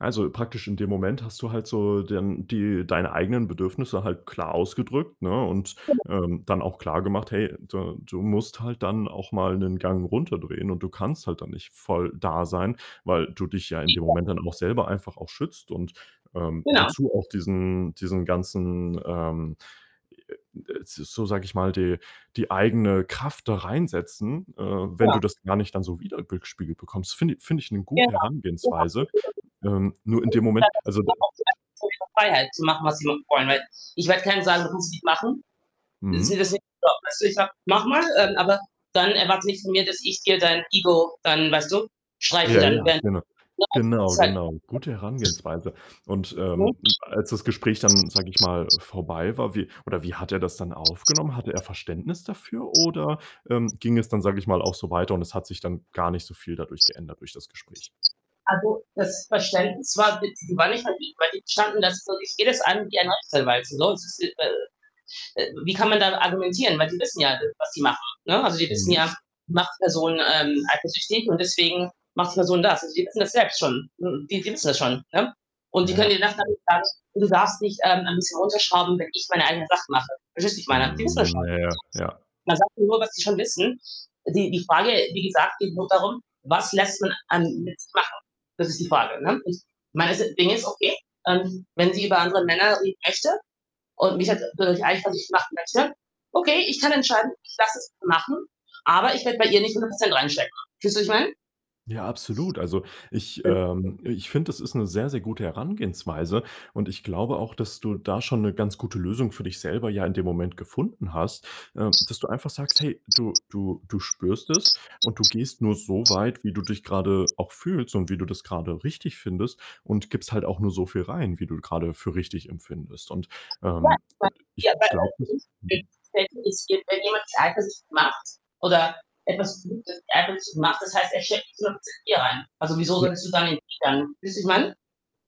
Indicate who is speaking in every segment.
Speaker 1: Also, praktisch in dem Moment hast du halt so dann die deine eigenen Bedürfnisse halt klar ausgedrückt, ne? Und,
Speaker 2: Genau.
Speaker 1: ähm, dann auch klargemacht: „Hey, da du musst halt dann auch mal 'nen Gang runterdrehen" und du kannst halt dann nicht voll da sein, weil du dich ja in dem
Speaker 2: Sicher.
Speaker 1: Moment dann auch selber einfach auch schützt und, ähm,
Speaker 2: Genau.
Speaker 1: wozu auch diesen diesen ganzen ähm e ä d s so sage ich mal, die die eigene Kraft da reinsetzen, äh, wenn
Speaker 2: Ja.
Speaker 1: du das gar nicht dann so wieder gespiegelt bekommst. Finde finde ich 'ne
Speaker 2: Genau,
Speaker 1: gute
Speaker 2: Genau,
Speaker 1: Herangehensweise. Ähm, nur in dem Moment, also, d
Speaker 2: für mich ist klar Freiheit zu machen, was sie wollen. Weil ich werde keinem sagen, das muss ich machen. Sie sieht
Speaker 1: Mhm.
Speaker 2: das nicht so. Weißt du? Ich sage, mach mal, ähm, aber dann erwarte nicht von mir, dass ich dir dein Ego dann, weißt du, streichle
Speaker 1: Ja,
Speaker 2: dann,
Speaker 1: ja,
Speaker 2: wenn
Speaker 1: genau.
Speaker 2: [unintelligible]
Speaker 1: Genau, genau. Gute Herangehensweise und, ähm, als das Gespräch dann, sage ich mal,
Speaker 2: [unintelligible]
Speaker 1: vorbei war, wie oder wie hat er das dann aufgenommen? Hatte er Verständnis dafür oder, ähm, ging es dann, sage ich mal, auch so weiter und es hat sich dann gar nicht so viel dadurch geändert durch das Gespräch?
Speaker 2: Also, das Verständnis war de war nicht [unintelligible] die standen da so ich gehe das an wie ein Rechtsanwalt. Sonst ist äh äh wie kann man dann argumentieren? Weil die wissen ja, de was die machen, ne? Also, die wissen
Speaker 1: Mhm.
Speaker 2: ja, macht Person, ähm, eifersüchtig und deswegen macht Person das. Also, sie wissen das selbst schon. Hm, die fi wissen das schon, ne? Und die
Speaker 1: Ja, ja.
Speaker 2: können dir das dann
Speaker 1: Absolut.
Speaker 2: nicht sagen und du darfst nicht, ähm, ein bisschen runterschrauben, wenn ich meine eigenen Sachen mache. Verstehst du, was ich meine? Die wissen das
Speaker 1: Hm,
Speaker 2: schon. [unintelligible]
Speaker 1: na ja. Ja.
Speaker 2: Man sagt nur, was die schon wissen. Die die Frage, wie gesagt, geht nur darum: „Was lässt man an mit sich machen?" Das ist die Frage, ne? Ich meine, das Ding ist okay. Ähm, wenn sie über andere Männer reden möchte und mich halt dadurch eifersüchtig machen möchte, okay, ich kann entscheiden, ich lasse es machen, aber ich werde bei ihr nicht 100 % reinstecken. Fühlst du, was ich meine?
Speaker 1: Ja, absolut. Also, ich
Speaker 2: Genau.
Speaker 1: ähm, ich finde, das ist 'ne sehr, sehr gute Herangehensweise und ich glaube auch, dass du da schon 'ne ganz gute Lösung für dich selber ja in dem Moment gefunden hast, ähm, dass du einfach sagst, hey, du du du spürst es und du gehst nur so weit, wie du dich grade auch fühlst und wie du das grade richtig findest und gibst halt auch nur so viel rein, wie du grade für richtig empfindest und,
Speaker 2: Ja,
Speaker 1: ähm
Speaker 2: ich
Speaker 1: und ich
Speaker 2: meine
Speaker 1: glaube es
Speaker 2: wie wei
Speaker 1: mhm.
Speaker 2: selten es gibt ist wenn jemand dich eifersüchtig macht oder etwas zurückgibt einfach nicht so gemacht, das heißt, er schleppt dich 100 % hier rein, also, wieso
Speaker 1: Ja.
Speaker 2: solltest du es dann erwidern? Weißt du, wie ich meine?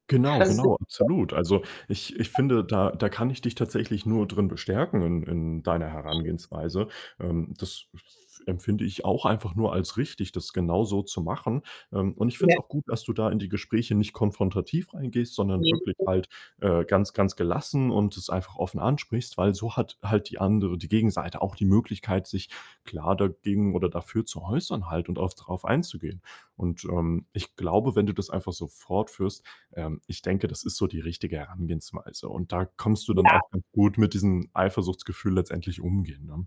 Speaker 1: Genau,
Speaker 2: Also sind
Speaker 1: genau,
Speaker 2: so
Speaker 1: absolut. Also, ich ich finde, da da kann ich dich tatsächlich nur drin bestärken in in deiner Herangehensweise. Ähm, das f empfinde ich auch einfach nur als richtig, das genauso zu machen. Ähm, und ich finde es
Speaker 2: Ja.
Speaker 1: auch gut, dass du da in die Gespräche nicht konfrontativ reingehst, sondern
Speaker 2: Ne die
Speaker 1: wirklich
Speaker 2: sind
Speaker 1: halt, äh, ganz ganz gelassen und es einfach offen ansprichst, weil so hat halt die andere die Gegenseite auch die Möglichkeit, sich klar dagegen oder dafür zu äußern halt und auch drauf einzugehen und, ähm, ich glaube, wenn du das einfach so fort führst ähm, ich denke, das ist so die richtige Herangehensweise und da kannst du dann
Speaker 2: Ja.
Speaker 1: auch ganz gut mit diesem Eifersuchtsgefühl letztendlich umgehen, ne?